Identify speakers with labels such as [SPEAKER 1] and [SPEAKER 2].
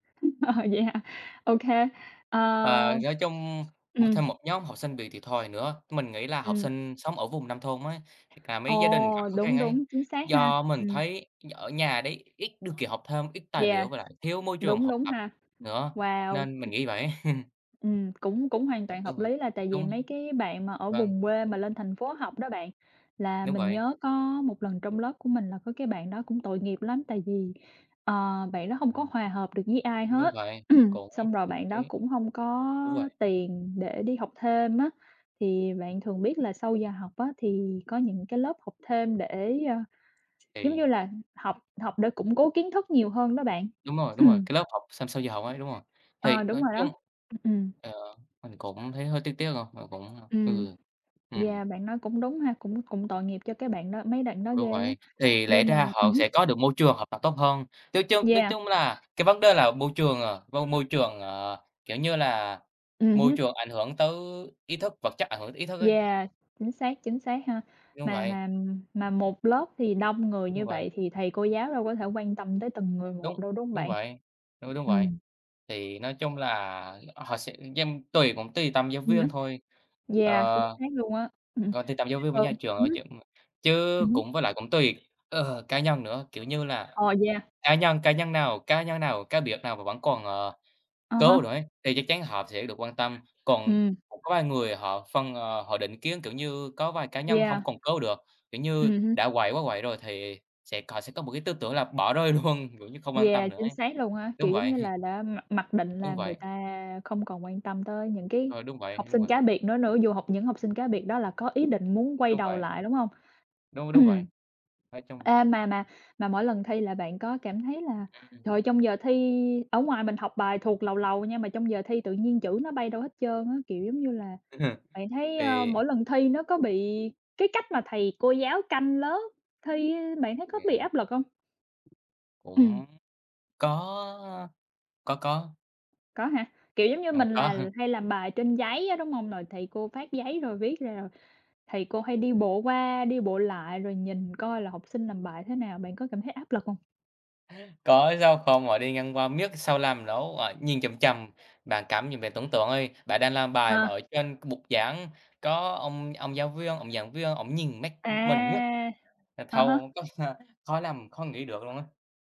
[SPEAKER 1] Ờ, vậy hả? Ô kê, ờ
[SPEAKER 2] Ờ, nói chung
[SPEAKER 1] ừm.
[SPEAKER 2] thêm một nhóm học sinh bị thiệt thòi nữa, mình nghĩ là học
[SPEAKER 1] Ừm.
[SPEAKER 2] sinh sống ở vùng nông thôn á, hoặc mấy gia đình gặp
[SPEAKER 1] Ồ,
[SPEAKER 2] khó khăn
[SPEAKER 1] đúng,
[SPEAKER 2] ấy,
[SPEAKER 1] đúng, chính xác ha.
[SPEAKER 2] do mình
[SPEAKER 1] Ừm.
[SPEAKER 2] thấy ở nhà đấy ít điều kiện học thêm, ít tài
[SPEAKER 1] Yeah,
[SPEAKER 2] liệu với lại thiếu môi trường
[SPEAKER 1] đúng,
[SPEAKER 2] học
[SPEAKER 1] đúng
[SPEAKER 2] tập
[SPEAKER 1] ha.
[SPEAKER 2] nữa,
[SPEAKER 1] Wow!
[SPEAKER 2] nên mình
[SPEAKER 1] [unintelligible]
[SPEAKER 2] nghĩ vậy á.
[SPEAKER 1] Ừm, cũng cũng hoàn
[SPEAKER 2] À,
[SPEAKER 1] toàn
[SPEAKER 2] đúng
[SPEAKER 1] hợp
[SPEAKER 2] rồi,
[SPEAKER 1] lý là tại vì
[SPEAKER 2] đúng.
[SPEAKER 1] mấy cái bạn mà ở
[SPEAKER 2] Vâng.
[SPEAKER 1] vùng quê mà lên thành phố học đó bạn là
[SPEAKER 2] Đúng
[SPEAKER 1] mình
[SPEAKER 2] vậy.
[SPEAKER 1] nhớ có một lần trong lớp của mình là có cái bạn đó cũng tội nghiệp lắm tại vì, ờ, bạn đó hông có
[SPEAKER 2] Ừm.
[SPEAKER 1] hòa hợp được với ai
[SPEAKER 2] Đúng
[SPEAKER 1] hết,
[SPEAKER 2] vậy, cũng
[SPEAKER 1] xong rồi
[SPEAKER 2] cũng
[SPEAKER 1] bạn đó
[SPEAKER 2] thấy
[SPEAKER 1] cũng hông có
[SPEAKER 2] Đúng vậy.
[SPEAKER 1] tiền để đi học thêm á, thì bạn thường biết là sau giờ học á thì có những cái lớp học thêm để, a, giống
[SPEAKER 2] Thì
[SPEAKER 1] như là, học học để củng cố kiến thức nhiều hơn đó bạn.
[SPEAKER 2] Đúng rồi, đúng rồi, cái lớp học sau sau giờ học ấy, đúng rồi. Thì
[SPEAKER 1] Ờ, đúng
[SPEAKER 2] nói
[SPEAKER 1] rồi
[SPEAKER 2] chung,
[SPEAKER 1] đó, ừm, ừm.
[SPEAKER 2] ờ, mình cũng thấy hơi tiếc tiếc rồi, mình cũng
[SPEAKER 1] Ừm,
[SPEAKER 2] ừ, ừm.
[SPEAKER 1] yeah, bạn nói cũng đúng ha, cũng cũng tội nghiệp cho cái bạn đó mấy bạn đó
[SPEAKER 2] Đúng
[SPEAKER 1] ghê á,
[SPEAKER 2] vậy, thì lẽ
[SPEAKER 1] nhưng mà
[SPEAKER 2] ra
[SPEAKER 1] ừm
[SPEAKER 2] họ
[SPEAKER 1] hưm.
[SPEAKER 2] sẽ có được môi trường hợp tập tốt hơn, nói chung nói
[SPEAKER 1] Yeah.
[SPEAKER 2] chung là cái vấn đề là môi trường, ờ, môi môi trường, ờ, kiểu như là,
[SPEAKER 1] Ừm
[SPEAKER 2] môi
[SPEAKER 1] hứm.
[SPEAKER 2] trường ảnh hưởng tới ý thức vật chất ảnh hưởng tới ý thức ấy.
[SPEAKER 1] Yeah. Chính xác, chính xác ha.
[SPEAKER 2] Đúng
[SPEAKER 1] Mà
[SPEAKER 2] vậy.
[SPEAKER 1] mà mà một lớp thì đông người
[SPEAKER 2] Đúng
[SPEAKER 1] như
[SPEAKER 2] vậy.
[SPEAKER 1] vậy thì thầy cô giáo đâu có thể quan tâm tới từng người một
[SPEAKER 2] Đúng,
[SPEAKER 1] đâu, đúng hông
[SPEAKER 2] đúng
[SPEAKER 1] bạn?
[SPEAKER 2] vậy, ư, đúng vậy.
[SPEAKER 1] Ừm.
[SPEAKER 2] Thì nói chung là họ sẽ dành tùy cũng tùy tâm giáo
[SPEAKER 1] Ừm
[SPEAKER 2] viên
[SPEAKER 1] hứm.
[SPEAKER 2] thôi,
[SPEAKER 1] Yeah, chính
[SPEAKER 2] ờ,
[SPEAKER 1] xác luôn á. Ừm,
[SPEAKER 2] tùy tâm giáo viên với nhà trường, ơ, chứ
[SPEAKER 1] [unintelligible] ừm
[SPEAKER 2] ừm, chứ
[SPEAKER 1] hứm.
[SPEAKER 2] cũng với lại cũng tùy, ờ, cá nhân nữa, kiểu như là,
[SPEAKER 1] Ờ, yeah.
[SPEAKER 2] cá nhân cá nhân nào cá nhân nào cá biệt nào mà vẫn còn, ờ,
[SPEAKER 1] À
[SPEAKER 2] cố
[SPEAKER 1] ha.
[SPEAKER 2] đổi ấy, thì chắc chắn họ sẽ được quan tâm, còn
[SPEAKER 1] Ừm.
[SPEAKER 2] [unintelligible] có vài người họ phân ờ, họ định kiến, kiểu như, có vài cá nhân hông
[SPEAKER 1] Yeah.
[SPEAKER 2] còn cứu được, kiểu như,
[SPEAKER 1] Ừm hưm.
[SPEAKER 2] đã quậy quá quậy rồi thì sẽ cò sẽ có một cái tư tưởng là bỏ rơi luôn, kiểu như, không quan tâm
[SPEAKER 1] Yeah,
[SPEAKER 2] nữa
[SPEAKER 1] chính
[SPEAKER 2] ấy,
[SPEAKER 1] xác luôn á,
[SPEAKER 2] đúng
[SPEAKER 1] kiểu, giống
[SPEAKER 2] vậy.
[SPEAKER 1] như là, đã mặc mặc định là
[SPEAKER 2] Đúng
[SPEAKER 1] người
[SPEAKER 2] vậy.
[SPEAKER 1] ta không còn quan tâm tới những cái
[SPEAKER 2] Ờ, đúng vậy,
[SPEAKER 1] học
[SPEAKER 2] đúng
[SPEAKER 1] sinh
[SPEAKER 2] vậy.
[SPEAKER 1] cá biệt đó nữa, dù học những học sinh cá biệt đó là có ý định muốn quay
[SPEAKER 2] Đúng
[SPEAKER 1] đầu
[SPEAKER 2] vậy.
[SPEAKER 1] lại, đúng hông?
[SPEAKER 2] Đúng, đúng vậy, nói chung
[SPEAKER 1] À, mà mà mà mỗi lần thi là bạn có cảm thấy là,
[SPEAKER 2] [unintelligible]
[SPEAKER 1] trời, trong giờ thi ở ngoài mình học bài thuộc làu làu nha mà trong giờ thi tự nhiên chữ nó bay đâu hết trơn á, kiểu giống như là, bạn thấy, ơ,
[SPEAKER 2] Thì
[SPEAKER 1] mỗi lần thi nó có bị cái cách mà thầy cô giáo canh lớp thi, bạn thấy
[SPEAKER 2] Thì
[SPEAKER 1] có bị áp lực hông? Ừm.
[SPEAKER 2] cũng có, có, có.
[SPEAKER 1] Có hả? Kiểu giống như,
[SPEAKER 2] Đâu
[SPEAKER 1] mình
[SPEAKER 2] có
[SPEAKER 1] là
[SPEAKER 2] ha.
[SPEAKER 1] hay làm bài trên giấy á, đúng hông? Rồi thầy cô phát giấy rồi viết ra, thầy cô hay đi bộ qua, đi bộ lại rồi nhìn coi là học sinh làm bài thế nào, bạn có cảm thấy áp lực hông?
[SPEAKER 2] Có, sao không, ở đây ngăn qua miết sao làm nổi, à, nhìn chằm chằm, bạn cảm nhận bạn tưởng tượng ơi, bạn đang làm bài mà
[SPEAKER 1] Ờ.
[SPEAKER 2] ở trên bục giảng có ông ông giáo viên, ông giảng viên, ổng nhìn mắt mình miết
[SPEAKER 1] À!
[SPEAKER 2] là
[SPEAKER 1] Ờ
[SPEAKER 2] thôi
[SPEAKER 1] hơ.
[SPEAKER 2] khỏi làm, khỏi nghĩ được luôn á.